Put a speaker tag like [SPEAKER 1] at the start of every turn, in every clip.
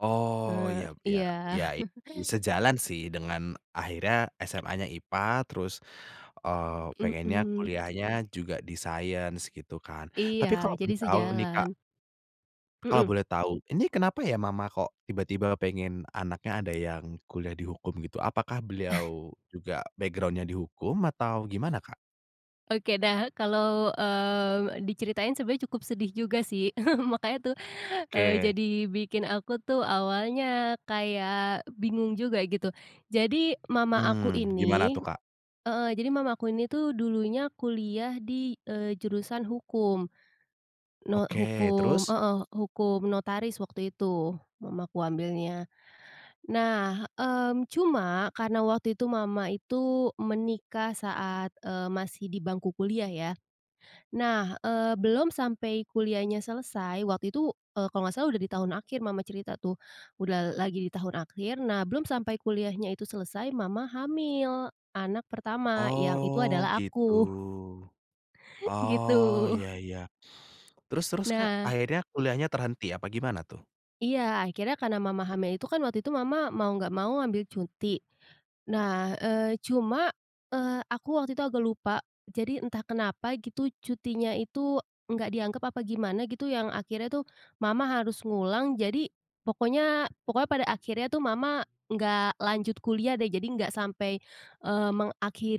[SPEAKER 1] Oh
[SPEAKER 2] Eee,
[SPEAKER 1] ya ya
[SPEAKER 2] iya.
[SPEAKER 1] ya i sejalan sih dengan akhirnya SMA-nya IPA terus, eee, pengennya
[SPEAKER 2] Mhm.
[SPEAKER 1] kuliahnya juga di science gitu kan,
[SPEAKER 2] Iya
[SPEAKER 1] tapi kalau
[SPEAKER 2] jadi
[SPEAKER 1] boleh tahu nih Kak
[SPEAKER 2] sejalan.
[SPEAKER 1] kalau
[SPEAKER 2] Mhm.
[SPEAKER 1] boleh tahu ini kenapa ya mama kok tiba-tiba pengen anaknya ada yang kuliah di hukum gitu? Apakah beliau juga background-nya di hukum atau gimana Kak?
[SPEAKER 2] Oke dah kalau, eee, diceritain sebenarnya cukup sedih juga sih, makanya tuh, eee,
[SPEAKER 1] Oke.
[SPEAKER 2] jadi bikin aku tuh awalnya kayak bingung juga gitu. Jadi mama aku
[SPEAKER 1] Hmm, gimana
[SPEAKER 2] ini,
[SPEAKER 1] tuh Kak?
[SPEAKER 2] heeh, jadi mama aku ini tuh dulunya kuliah di, eee, jurusan hukum. No
[SPEAKER 1] Oke
[SPEAKER 2] hukum,
[SPEAKER 1] terus?
[SPEAKER 2] heeh, hukum notaris waktu itu, mamaku ambilnya. Nah, mmm, cuma karena waktu itu mama itu menikah saat, eee, masih di bangku kuliah ya. Nah, eee, belum sampai kuliahnya selesai waktu itu, eee, kalau nggak salah udah di tahun akhir mama cerita tuh. Udah lagi di tahun akhir nah belum sampai kuliahnya itu selesai mama hamil anak pertama yang itu
[SPEAKER 1] Oh
[SPEAKER 2] adalah
[SPEAKER 1] gitu.
[SPEAKER 2] aku.
[SPEAKER 1] Oh
[SPEAKER 2] Gitu.
[SPEAKER 1] ya ya. Terus terus Kak
[SPEAKER 2] Nah.
[SPEAKER 1] akhirnya kuliahnya terhenti apa gimana tuh?
[SPEAKER 2] Iya akhirnya karena mama hamil itu kan waktu itu mama mau nggak mau ambil cuti. Nah, eee, cuma, eee, aku waktu itu agak lupa, jadi entah kenapa gitu cutinya itu, nggak dianggap apa gimana gitu yang akhirnya tuh, mama harus ngulang jadi, pokoknya pokoknya pada akhirnya tuh mama nggak lanjut kuliah deh jadi nggak sampai, eee,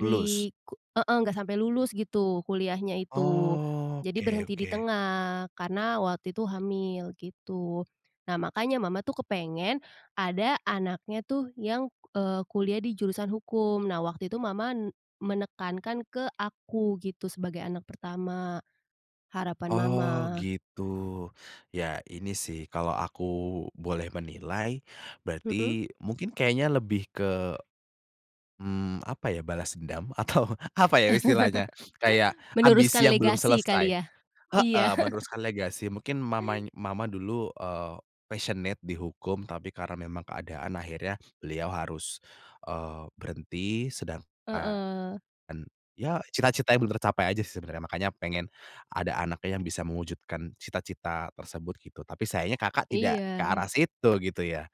[SPEAKER 1] Lulus?
[SPEAKER 2] ku heeh, enggak sampai lulus gitu kuliahnya itu.
[SPEAKER 1] Oh,
[SPEAKER 2] Jadi
[SPEAKER 1] oke
[SPEAKER 2] berhenti di
[SPEAKER 1] oke.
[SPEAKER 2] tengah karena waktu itu hamil gitu. Nah makanya mama tuh kepengen, ada anaknya tuh yang, eee, kuliah di jurusan hukum nah waktu itu mama, menekankan ke aku gitu sebagai anak pertama, harapan mama.
[SPEAKER 1] Oh gitu. Ya ini sih kalau aku boleh menilai,
[SPEAKER 2] Mhm.
[SPEAKER 1] berarti mungkin kayaknya lebih ke, mmm, apa ya, balas dendam atau apa ya istilahnya, Kayak ambisi
[SPEAKER 2] Meneruskan
[SPEAKER 1] yang belum
[SPEAKER 2] legasi
[SPEAKER 1] selesai,
[SPEAKER 2] kali ya? Iya.
[SPEAKER 1] heeh, meneruskan legasi mungkin mama mama dulu, eee, passionate di hukum tapi karena memang keadaan akhirnya beliau harus, eee, berhenti sedangkan
[SPEAKER 2] Heeh.
[SPEAKER 1] ya cita-citanya belum tercapai aja sih sebenarnya makanya pengen, ada anaknya yang bisa mewujudkan cita-cita tersebut gitu tapi sayangnya Kakak tidak ke
[SPEAKER 2] Iya.
[SPEAKER 1] arah situ gitu ya?